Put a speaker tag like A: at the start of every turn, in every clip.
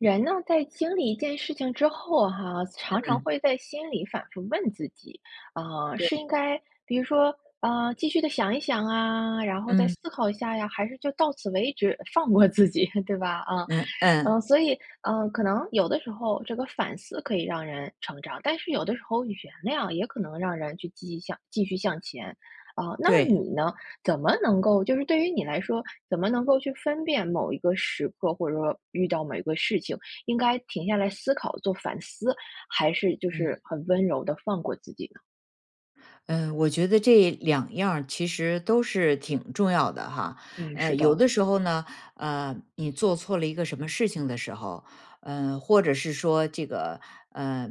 A: 人呢，在经历一件事情之后哈，常常
B: 嗯。
A: 会在心里反复问自己，啊，是应
B: 对。
A: 该比如说呃继续地想一想啊，然后再
B: 嗯。
A: 思考一下呀，还是就到此为止放过自己，对吧，啊。
B: 嗯，
A: 嗯，
B: 嗯。
A: 所以，呃，可能有的时候这个反思可以让人成长，但是有的时候原谅也可能让人去继续向继续向前啊。那
B: 对。
A: 你呢？怎么能够就是对于你来说，怎么能够去分辨某一个时刻，或者说遇到某一个事情，应该停下来思考做反思，还是就
B: 嗯。
A: 是很温柔地放过自己呢？
B: 呃，我觉得这2样儿其实都是挺重要的哈。
A: 嗯，
B: 呃，
A: 是
B: 有
A: 的。
B: 的时候呢，呃，你做错了一个什么事情的时候，呃，或者是说这个呃，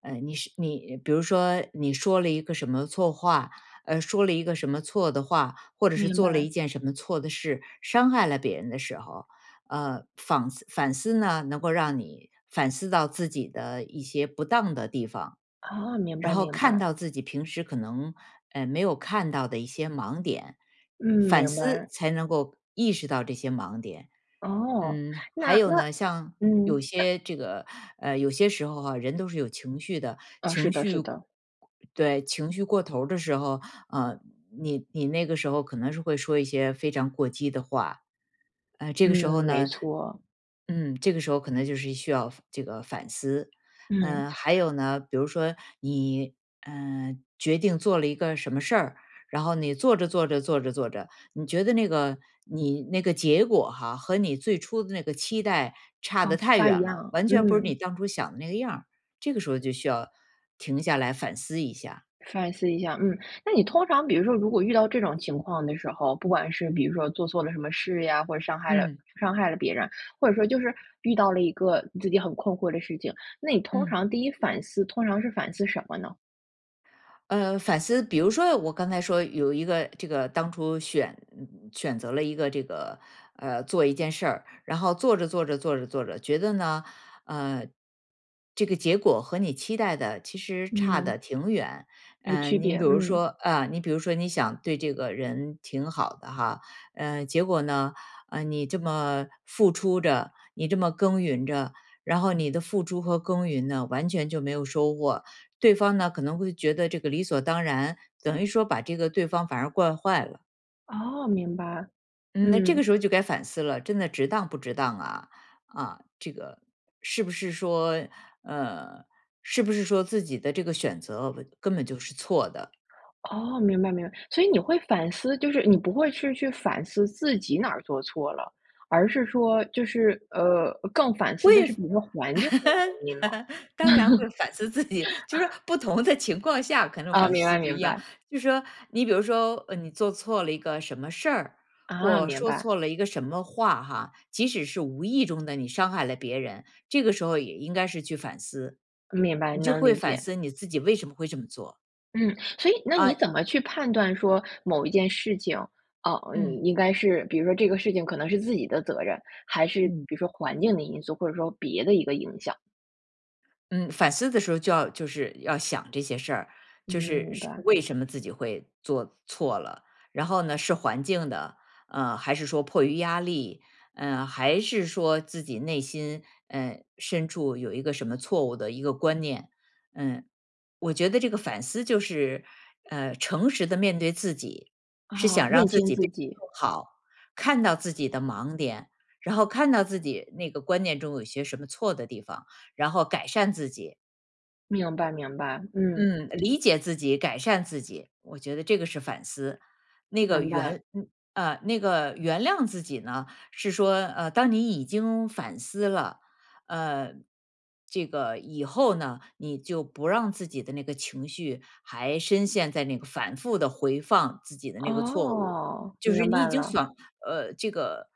B: 呃，你是你比如说你说了一个什么错话，呃，说了一个什么错的话，或者是
A: 明
B: 做了
A: 白。
B: 一件什么错的事，伤害了别人的时候。呃，仿思反思呢，能够让你反思到自己的一些不当的地方。
A: 啊，明
B: 然
A: 白，
B: 后
A: 明
B: 看
A: 白。
B: 到自己平时可能，呃，没有看到的一些盲点，
A: 嗯，
B: 反
A: 明
B: 思
A: 白。
B: 才能够意识到这些盲点。
A: 哦，
B: 嗯，还
A: 那
B: 有
A: 那。
B: 呢，像有
A: 嗯，那
B: 些这个呃有些时候啊，人都是有情绪的，
A: 哦，是
B: 情
A: 的，
B: 绪
A: 是的。
B: 对，情绪过头儿的时候，呃，你你那个时候可能是会说一些非常过激的话。呃，这
A: 嗯，
B: 个时候
A: 没
B: 呢
A: 错。
B: 嗯，这个时候可能就是需要这个反思。
A: 嗯。
B: 呃，还 有呢，比如说你呃决定做了一个什么事儿，然后你做着做着做着做着，你觉得那个你那个结果哈，和你最初的那个期待差
A: 哦，
B: 得
A: 不
B: 太
A: 大一
B: 远了，
A: 样，
B: 完全不是你
A: 嗯。
B: 当初想的那个样儿，这个时候就需要，停下来反思一下。
A: 反思一下，嗯。那你通常比如说如果遇到这种情况的时候，不管是比如说做错了什么事呀，或者伤害了
B: 嗯。
A: 伤害了别人，或者说就是遇到了一个自己很困惑的事情，那你通
B: 嗯。
A: 常第1反思，通常是反思什么呢？
B: 呃，反思，比如说，我刚才说有一个，这个当初选，嗯，选择了一个这个呃，做一件事儿，然后做着做着做着做着，觉得呢，呃，这个结果和你期待的其实差
A: 嗯。
B: 得挺远。
A: 有区
B: 嗯，你
A: 别，
B: 比如说，
A: 嗯。
B: 啊，你比如说你想对这个人挺好的哈，嗯，结果呢，呃，你这么付出着，你这么耕耘着，然后你的付出和耕耘呢，完全就没有收获。对方呢，可能会觉得这个理所当然，等于说把这个对方反而惯坏了。
A: 哦，明白，
B: 嗯，那这个
A: 嗯。
B: 时候就该反思了，真的值当不值当啊？啊，这个是不是说，呃，是不是说自己的这个选择根本就是错的？
A: 哦，明白，明白。所以你会反思，就是你不会去去反思自己哪儿做错了？而是说就是呃，更反思
B: 会，
A: 的是比如说环境的原因吗？
B: 当然会反思自己，就是说 不同的情况下可能
A: 哦，
B: 反
A: 明
B: 思
A: 白，
B: 不
A: 明
B: 一样。
A: 白。
B: 就是说，你比如说呃，你做错了一个什么事儿，
A: 啊，
B: 或
A: 明
B: 说
A: 白。
B: 错了一个什么话哈，即使是无意中的你伤害了别人，这个时候也应该是去反思，
A: 明白，
B: 你就
A: 能
B: 会
A: 理
B: 反
A: 解。
B: 思你自己为什么会这么做。
A: 嗯，所以那你
B: 啊
A: 怎么去判断说某一件事情，哦，你
B: 嗯。
A: 应该是，比如说这个事情可能是自己的责任，还是
B: 嗯。
A: 比如说环境的因素，或者说别的一个影响？
B: 嗯，反思的时候就要就是要想这些事儿，
A: 嗯，
B: 就是
A: 明
B: 是
A: 白。
B: 为什么自己会做错了。然后呢是环境的，呃，还是说迫于压力，呃，还是说自己内心，呃，深处有一个什么错误的一个观念。嗯，我觉得这个反思就是，呃，诚实地面对自己，是
A: 啊，
B: 想让
A: 认
B: 自
A: 清
B: 己
A: 自
B: 变得
A: 己。
B: 更好，看到自己的盲点，然后看到自己那个观念中有些什么错的地方，然后改善自己。
A: 明白，明白，嗯。
B: 嗯，呃，理解自己、改善自己，我觉得这个是反思。那个
A: 明白。
B: 原嗯，呃，那个原谅自己呢，是说呃，当你已经反思了，呃，这个，以后呢，你就不让自己的那个情绪还深陷在那个反复地回放自己的那个错误。
A: 哦，
B: 就是
A: 明
B: 你已
A: 白
B: 经
A: 了。
B: 想呃，这个，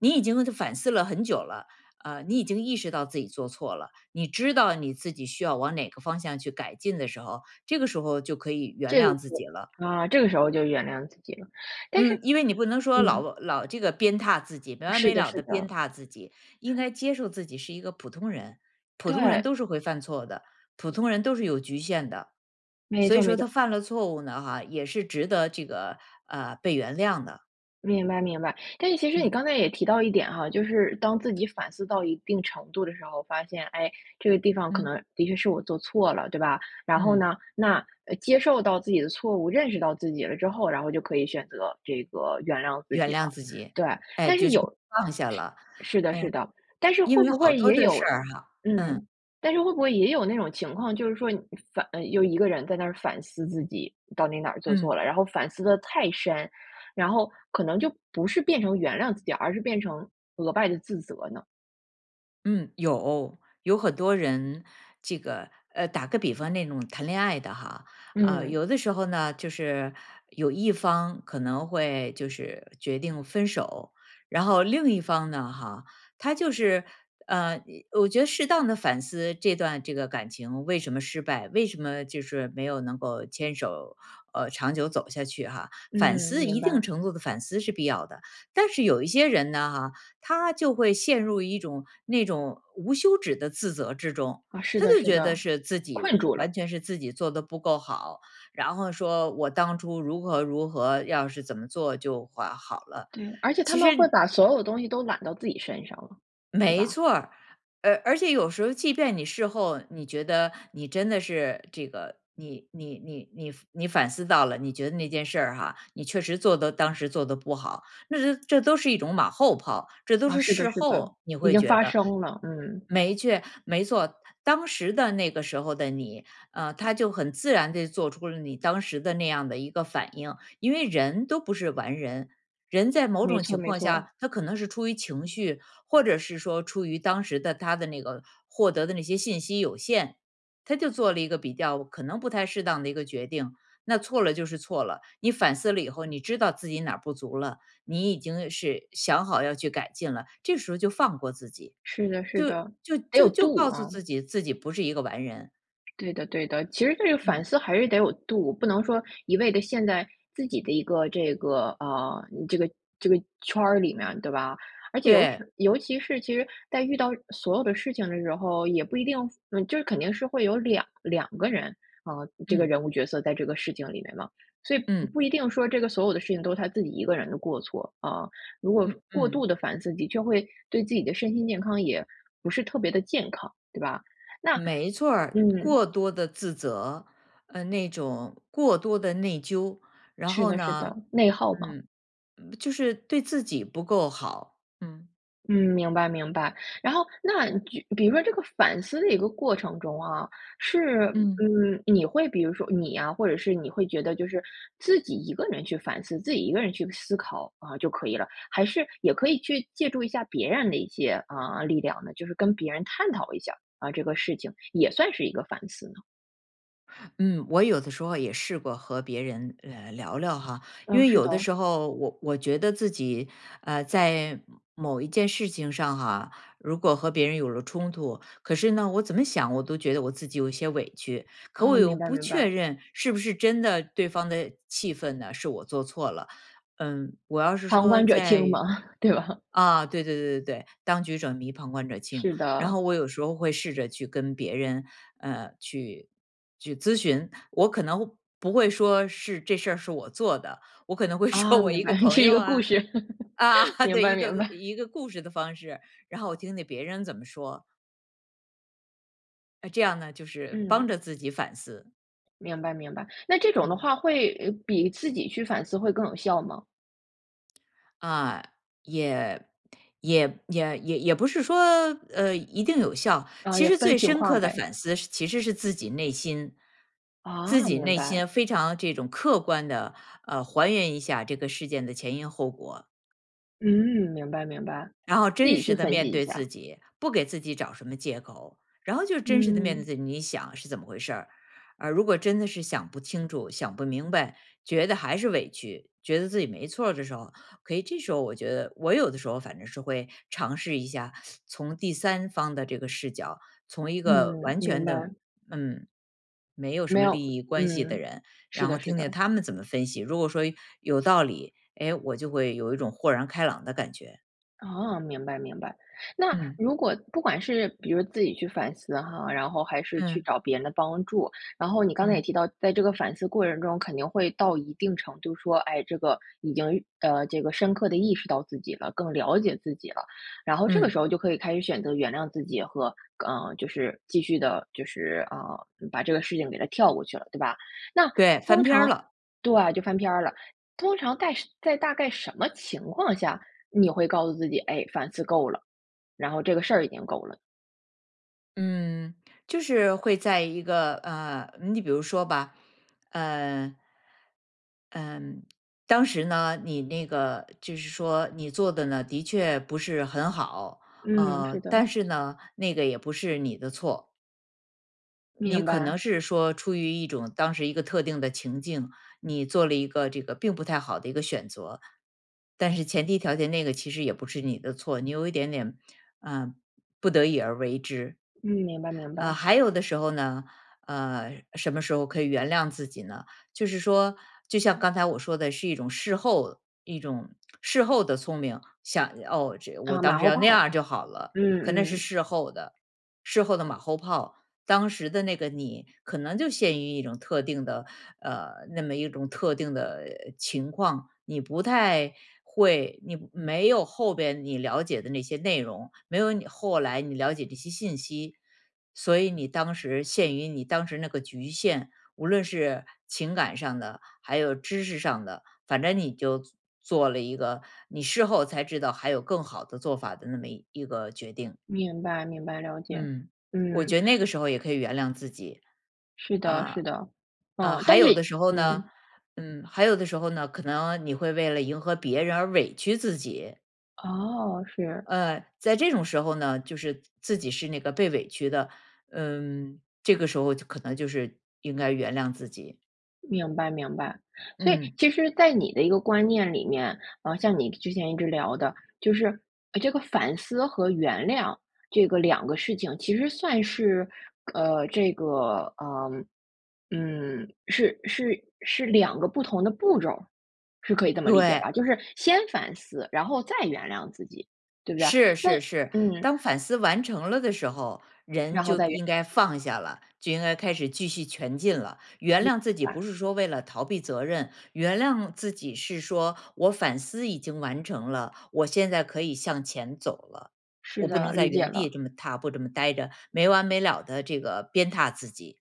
B: 你已经反思了很久了，呃，你已经意识到自己做错了，你知道你自己需要往哪个方向去改进的时候，这个时候就可以原
A: 这个，
B: 谅自己了。
A: 啊，这个时候就原谅自己了，但是
B: 嗯，因为你不能说
A: 嗯。
B: 老老这个鞭挞自己，没完
A: 是
B: 没
A: 的，
B: 了
A: 是
B: 地鞭
A: 的。
B: 挞自己。应该接受自己是一个普通人，普通人
A: 对。
B: 都是会犯错的，普通人都是有局限的。
A: 没
B: 所以
A: 错，没
B: 说他
A: 错。
B: 犯了错误呢哈，也是值得这个呃，被原谅的。
A: 明白，明白。但是其实你
B: 嗯。
A: 刚才也提到一点哈，就是当自己反思到一定程度的时候，发现，诶，这个地方可
B: 嗯。
A: 能的确是我做错了，对吧？然后
B: 嗯。
A: 呢，那呃，接受到自己的错误，认识到自己了之后，然后就可以选择这个原谅自
B: 原
A: 己了。
B: 谅自己。
A: 对，
B: 哎，
A: 但是
B: 就是
A: 有
B: 放下
A: 是
B: 了。
A: 是的
B: 嗯，
A: 是的，但是
B: 因
A: 会
B: 为
A: 不
B: 好
A: 会
B: 多
A: 也
B: 的
A: 有
B: 事儿哈嗯。
A: 嗯，但是会不会也有那种情况，就是说你反呃，又一个人在那儿反思自己到底哪儿做错
B: 嗯。
A: 了，然后反思得太深，然后可能就不是变成原谅自己，而是变成额外地自责呢？
B: 嗯。有，有很多人，这个呃，打个比方那种谈恋爱的哈。呃，
A: 嗯。
B: 有的时候呢，就是有一方可能会就是决定分手，然后另一方呢哈，他就是呃，一我觉得适当地反思这段这个感情为什么失败，为什么就是没有能够牵手呃，长久走下去哈。反
A: 嗯，
B: 思，
A: 明
B: 一定
A: 白。
B: 程度的反思是必要的。但是有一些人呢哈，他就会陷入一种那种无休止的自责之中，
A: 啊，是
B: 他
A: 的，
B: 就
A: 是
B: 觉得
A: 的，
B: 是自己呃，
A: 困住了。
B: 完全是自己做得不够好，然后说我当初如何如何，要是怎么做就会好了，
A: 嗯，而且他
B: 其
A: 们
B: 实
A: 会
B: 你
A: 把所有东西都揽到自己身上了，对
B: 没
A: 吧？
B: 错儿，而而且有时候即便你事后你觉得你真的是这个，你你你你反你反思到了，你觉得那件事儿哈，你确实做得当时做得不好，那它这都是一种马后炮。这都
A: 啊，
B: 是
A: 是的，
B: 事
A: 是的，
B: 后你
A: 已
B: 会
A: 经
B: 觉
A: 发
B: 得。
A: 生了，嗯。
B: 没错没错，当时的那个时候的你，呃，他就很自然地做出了你当时的那样的一个反应。因为人都不是完人，人在某
A: 没
B: 种
A: 错，
B: 情
A: 没
B: 况
A: 错。
B: 下，他可能是出于情绪，或者是说出于当时的他的那个获得的那些信息有限，他就做了一个比较可能不太适当的一个决定。那错了就是错了，你反思了以后，你知道自己哪儿不足了，你已经是想好要去改进了，这时候就放过自己。
A: 是的，是
B: 就
A: 的，
B: 就
A: 得有
B: 就就
A: 度
B: 告诉
A: 啊。
B: 自己，自己不是一个完人。
A: 对的，对的，其实这个反
B: 嗯。
A: 思还是得有度，不能说一味地陷在自己的一个这个啊，这个这个圈儿里面对吧？而且尤
B: 对。
A: 是尤其是，其实在遇到所有的事情的时候，也不一定，嗯，就是肯定是会有22个人啊，这个
B: 嗯。
A: 人物角色在这个事情里面嘛。所以不
B: 嗯。
A: 不一定说这个所有的事情都是他自己一个人的过错，啊。如果
B: 嗯，
A: 过
B: 嗯。
A: 度地反思自己，就会对自己的身心健康也不是特别地健康，对吧？那
B: 没错儿。
A: 嗯。
B: 过多的自责，嗯，那种过多的内疚，然
A: 是
B: 后
A: 的，是的，
B: 呢
A: 内耗嘛。
B: 嗯，嗯，就是对自己不够好，嗯。
A: 嗯，明白，明白。然后那举比如说这个反思的一个过程中啊，是
B: 嗯。
A: 嗯，你会比如说你呀，或者是你会觉得就是自己一个人去反思，自己一个人去思考，啊，就可以了，还是也可以去借助一下别人的一些啊力量呢？就是跟别人探讨一下，啊，这个事情也算是一个反思呢。
B: 嗯，我有的时候也试过和别人呃，聊聊哈。因
A: 呃，
B: 为
A: 是
B: 有的
A: 的。
B: 时候我我觉得自己，呃，在某一件事情上哈，如果和别人有了冲突，可是呢，我怎么想我都觉得我自己有一些委屈。可
A: 哦，
B: 我又
A: 明白，
B: 不
A: 明
B: 确
A: 白。
B: 认是不是真的对方的气愤呢是我做错了。嗯，我要是
A: 旁
B: 说
A: 观者
B: 在
A: 清嘛，对吧？
B: 啊，对对对对对，当局者迷，旁观者清。
A: 是
B: 然
A: 的。
B: 后我有时候会试着去跟别人呃，去去咨询。我可能不会说是这事儿是我做的，我可能会说
A: 啊，
B: 我
A: 明
B: 一个
A: 白，
B: 朋
A: 是一
B: 友
A: 个故
B: 啊，
A: 事。
B: 啊，
A: 明
B: 对，
A: 白，
B: 一个
A: 明白。
B: 一个故事的方式，然后我听听别人怎么说。呃，这样呢就是帮
A: 嗯。
B: 着自己反思。
A: 明白，明白。那这种的
B: 嗯。
A: 话会比自己去反思会更有效吗？
B: 啊，也也也也也不是说呃，一定有效。
A: 呃，
B: 其
A: 也
B: 实
A: 分
B: 最
A: 情
B: 深
A: 况
B: 刻的
A: 呗。
B: 反思是其实是自己内心。自
A: 啊，
B: 己
A: 明
B: 内
A: 白。
B: 心非常这种客观地，呃，还原一下这个事件的前因后果。
A: 嗯，明白，明白，
B: 然后
A: 自
B: 真
A: 己去
B: 实地
A: 分析
B: 面
A: 一
B: 对
A: 下。
B: 自己，不给自己找什么借口。然后就真实地面对
A: 嗯。
B: 自己，你想是怎么回事儿。而如果真的是想不清楚、想不明白，觉得还是委屈，觉得自己没错儿的时候，可以这时候我觉得，我有的时候反正是会尝试一下，从第3方的这个视角，从一个
A: 嗯，
B: 完
A: 明
B: 全的
A: 白。
B: 嗯，没有什
A: 没
B: 么
A: 有
B: 利益关系的
A: 嗯，
B: 人，
A: 是
B: 然
A: 的，
B: 后
A: 是
B: 听听
A: 的。
B: 他们怎么分析。如果说有道理，诶，我就会有一种豁然开朗的感觉。
A: 哦，明白，明白。那
B: 嗯。
A: 如果不管是比如自己去反思哈，然后还是去
B: 嗯。
A: 找别人的帮助，然后你刚才也
B: 嗯。
A: 提到，在这个反思过程中肯定会到一定程度说，哎，这个已经呃，这个深刻地意识到自己了，更了解自己了。然后这个
B: 嗯。
A: 时候就可以开始选择原谅自己和呃，就是继续地就是啊，把这个事情给它跳过去了，对吧？那
B: 对，翻
A: 通
B: 篇儿
A: 常
B: 了。
A: 对，就翻篇儿了。通常在在大概什么情况下，你会告诉自己，哎，反思够了，然后这个事儿已经够了？
B: 嗯，就是会在一个呃，你比如说吧，嗯，嗯，当时呢，你那个就是说你做得呢的确不是很好。
A: 嗯，
B: 呃，
A: 是的。
B: 但是呢，那个也不是你的错。你
A: 明
B: 可能
A: 白。
B: 是说出于一种当时一个特定的情境，你做了一个这个并不太好的一个选择。但是前提条件那个其实也不是你的错，你有一点点呃，不得已而为之。
A: 嗯，明白，明
B: 呃，
A: 白。
B: 还有的时候呢，呃，什么时候可以原谅自己呢？就是说，就像刚才我说的是一种事后一种事后的聪明，想哦，我
A: 啊，马
B: 当时
A: 后
B: 要那
A: 炮，
B: 样就好了。
A: 嗯，
B: 可那是
A: 嗯。
B: 事后的，事后的马后炮，当时的那个你可能就陷于一种特定的呃，那么一种特定的情况，你不太会，你没有后边你了解的那些内容，没有你后来你了解这些信息。所以你当时限于你当时那个局限，无论是情感上的，还有知识上的，反正你就做做了一个，你事后才知道还有更好的做法的那么一个决定。
A: 明白，明白，了解，
B: 嗯，我
A: 嗯。
B: 觉得那个 时候也可以原谅自己。
A: 是的，
B: 呃，
A: 是的。
B: 呃，
A: 嗯，
B: 还
A: 但
B: 有的
A: 是
B: 时候呢，
A: 嗯。
B: 嗯，还有的时候呢，可能你会为了迎合别人而委屈自己。
A: 哦，是。
B: 呃，在这种时候呢，就是自自己是那个被委屈的。嗯，这个时候就可能就是应该原谅自己。
A: 明白，明白。所以
B: 嗯。
A: 其实在你的一个观念里面，啊，像你之前一直聊的，就是这个反思和原谅这个两个事情，其实算是呃，这个，呃，嗯，是是是两个不同的步骤儿，是可以这么理解吧？
B: 对。
A: 就是先反思，然后再原谅自己，对不对啊？
B: 是，
A: 那，
B: 是，是，
A: 嗯。
B: 当反思完成了的时候，人
A: 然后
B: 就
A: 再原
B: 应
A: 谅
B: 该
A: 自己。
B: 放下了，就应该开始继续前进了。原
A: 明
B: 谅自己不
A: 白。
B: 是说为了逃避责任，原谅自己是说我反思已经完成了，我现在可以向前走了。
A: 是
B: 我不
A: 的，
B: 能在
A: 理解
B: 原地
A: 了。
B: 这么踏步这么待着，没完没了地这个鞭挞自己。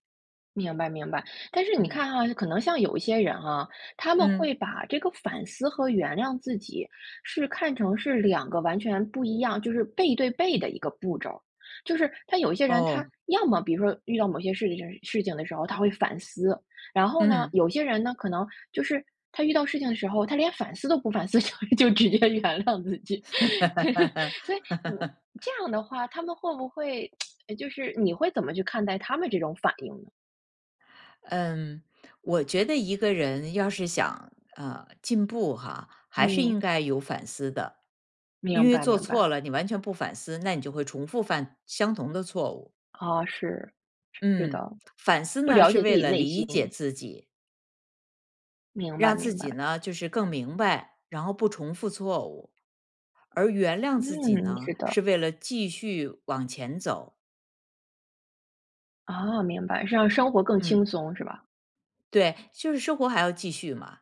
A: 明白，明白。但是你
B: 嗯。
A: 看哈，可能像有一些人啊，他们
B: 嗯。
A: 会把这个反思和原谅自己是看成是两个完全不一样就是背对背的一个步骤儿。就是他有一些人他
B: 哦。
A: 要么比如说遇到某些事情就是事情的时候，他会反思。然后呢，
B: 嗯。
A: 有些人呢，可能就是他遇到事情的时候，他连反思都不反思，就就直接原谅自己。所以嗯，这样的话，他们会不会 就是你会怎么去看待他们这种反应呢？
B: 嗯，我觉得一个人要是想呃，进步哈，还是
A: 嗯。
B: 应该有反思的。因
A: 明
B: 为
A: 白，
B: 做
A: 明白。
B: 错了，你完全不反思，那你就会重复犯相同的错误。
A: 哦，是，是
B: 嗯，
A: 的。
B: 反思
A: 不
B: 呢
A: 了
B: 是
A: 解自
B: 为
A: 己
B: 了
A: 内心。
B: 理解自己。
A: 明白，
B: 让自
A: 明
B: 己
A: 白。
B: 呢，就是更明白，然后不重复错误。而原谅自己
A: 嗯，
B: 呢，
A: 是的。
B: 是为了继续往前走。
A: 哦，明白。是让生活更轻
B: 嗯。
A: 松是吧？
B: 对，就是生活还要继续嘛。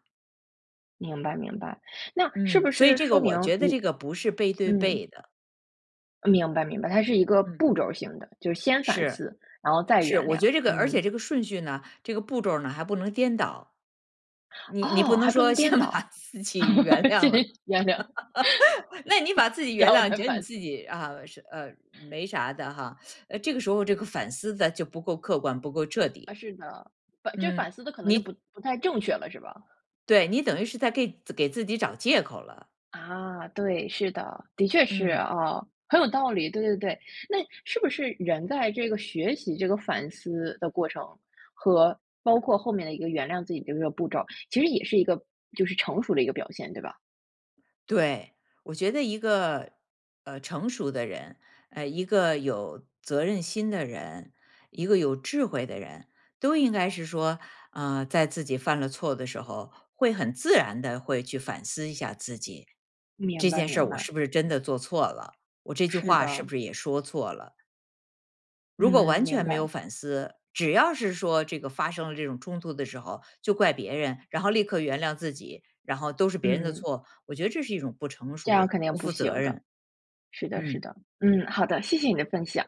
A: 明白，明白。那是
B: 嗯，
A: 不
B: 所以
A: 是
B: 这个
A: 说
B: 我
A: 明
B: 觉得
A: 你
B: 这个不是背对
A: 嗯。
B: 背的。
A: 呃，明白，明白。它是一个
B: 嗯。
A: 步骤儿性的，就是先反
B: 是，
A: 思，然后再
B: 是，
A: 原
B: 我
A: 谅。
B: 觉得这个而
A: 嗯。
B: 且这个顺序呢，这个步骤儿呢还不能颠倒，你你不
A: 哦，
B: 能
A: 还不能
B: 说先
A: 颠
B: 把
A: 倒。
B: 自己原谅
A: 先
B: 了，
A: 原谅，
B: 那你把自己
A: 然
B: 原
A: 后
B: 谅，你
A: 再
B: 觉得你
A: 反思
B: 自己啊，呃，没啥的哈，呃，这个时候这个反思得就不够客观，不够彻底。
A: 啊，是的。呃，这反
B: 嗯，
A: 思得可能就不
B: 你
A: 不太正确了，是吧？
B: 对，你等于是在给给自己找借口了。
A: 啊，对，是的。的确是
B: 嗯。
A: 哦，很有道理，对对对。那是不是人在这个学习这个反思的过程，和包括后面的一个原谅自己的一个步骤，其实也是一个就是成熟的一个表现，对吧？
B: 对，我觉得一个呃，成熟的人，呃，一个有责任心的人，一个有智慧的人，都应该是说，呃，在自己犯了错的时候，会很自然地会去反思一下自己。
A: 明
B: 这
A: 白，
B: 件事
A: 明
B: 儿我
A: 白。
B: 是不是真的做错了？我这句
A: 是
B: 话是
A: 的。
B: 不是也说错了？如果
A: 嗯，
B: 完
A: 明
B: 全没有
A: 白。
B: 反思，只要是说这个发生了这种冲突的时候，就怪别人，然后立刻原谅自己，然后都是别人的
A: 嗯。
B: 错，我觉得这是一种不成
A: 这样儿
B: 熟，
A: 肯定
B: 不
A: 不
B: 负责
A: 行的。
B: 任。
A: 是的，是
B: 嗯。
A: 的。嗯，好的，谢谢你的分享。